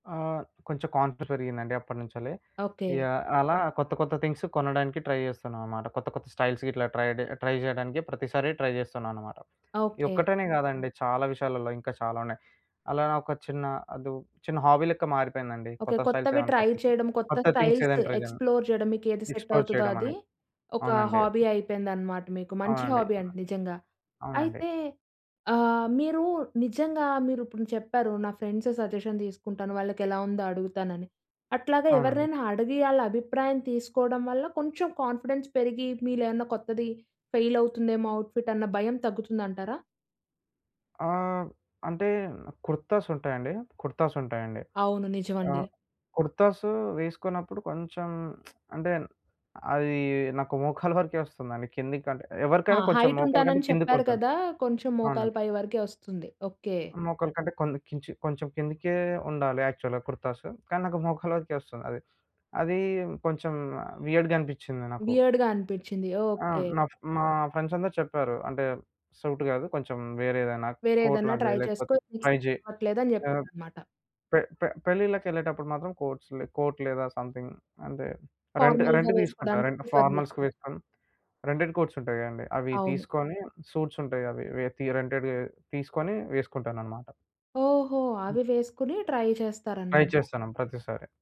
ఆహ్, కొంచెం కాన్ఫిడెన్స్ పెరిగిందండి అప్పటినుంచెల్లి. ఓకే. ఇగ అలా కొత్త కొత్త థింగ్సు కొనడానికి ట్రై చేస్తున్నాం అనమాట. కొత్త కొత్త స్టైల్స్ గిట్లా ట్రై జె ట్రై జేయడానికి ప్రతిసారి ట్రై చేస్తున్నా అనమాట. ఈ ఓకే. ఒక్కటనే గాదండి చాలా విషయాలలో ఇంకా చాలా ఉన్నాయి. అలా ఒక చిన్న అదు చిన్న హాబీ‌ లెక్క మారిపోయిందండి. ఓకే. కొత్త స్టైల్స్ కొత్తవి ఏమన్నా ట్రై కొత్త, చేయడం. కొత్త కొత్త థింగ్స్ స్టైల్స్ ఏదైనా ట్రై చేయడం, ఎక్స్‌ప్లో‌ర్ చేయడం మీకేది సెట్ ఎక్స్‌ప్లో‌ర్ అవుతదో చేయడం అది. అని. ఒక అవునండి. హాబీ అయిపోయిందనమాట మీకు. మంచి అవునండి. హాబీ అండి నిజంగా. అవునండి. అయితే ఆహ్, మీరు నిజంగా మీరిప్పుడు చెప్పారు నా ఫ్రెండ్స్ సజెషన్ తీసుకుంటాను, వాళ్ళకెలా ఉందో అడుగుతానని. అట్లాగా అవునండి. ఎవరినైనా అడిగి ఆళ్ళ అభిప్రాయం తీసుకోవడం వల్ల కొంచెం కాన్ఫిడెన్స్ పెరిగి మీలోయేమన్నా కొత్తది ఫెయిలవుతుందేమో అవుట్ ఫిట్ అన్న భయం తగ్గుతుందంటారా? ఆహ్, అంటే కుర్తాసుంటాయండి. కుర్తాసుంటాయండి. అవును. నిజమండి. ఆహ్, కుర్తాసు వేసుకున్నప్పుడు కొంచెం అంటే అది నాకు మోకాల వరకే వస్తుందండి. కిందకి అంటే ఆ! ఎవరికైనా కొంచెం హైట్ మోకాలు కంటే ఉంటానని చెప్పారు కిందకుంటుంది. కదా! కొంచెం మోకాలు అవునండి. పై వరకే ఒస్తుంది. ఓకే. మోకాల కంటే కొంది కొంచి కొంచం కిందికే ఉండాలి యాక్చువల్‌గా కుర్తాసు. కానీ నాకు మోకలి వరికే వస్తుంది అది. అదీ కొంచెం వియర్డ్‌గా అనిపిచింది నాకు. వియర్డ్‌గా అనిపిచ్చింది. ఆ! ఓకే. నా మా ఫ్రెండ్స్ అందరూ చెప్పారు. అంటే సూట్ కాదు. కొంచెం వేరే ఏదన్నా వేరే కోట్ ఏదన్నా లాంటిది ట్రై చేసుకో. లేకపోతే ఇది నీకు ట్రై జెయ్. సెట్ అవట్లేదని ఆహ్, చెప్పారన్నమాట. పె పె పెళ్లిల్లకెళ్ళేటప్పుడు మాత్రం, కోట్స్ లె కోట్ లేదా సమ్‌థింగ్. అంటే రెంట్ ఫార్మల్‌గా రెంట్ తీసుకుంటా వేసుకోడానికి ప్రిఫర్ ఫార్మల్స్ చేస్తారు. వేసుకొని రెంటెడ్ కోట్స్ ఉంటాయి కదండీ. అవి అవును. తీసుకొని సూట్స్ ఉంటాయి. అవి తి రెంటెడ్ తీసుకొని వేసుకుంటానన్నమాట. ఓహో! హ్మ్. అవి వేసుకొని ట్రై ట్రై చేస్తారన్నమాట. చేస్తన్నం ప్రతిసారి.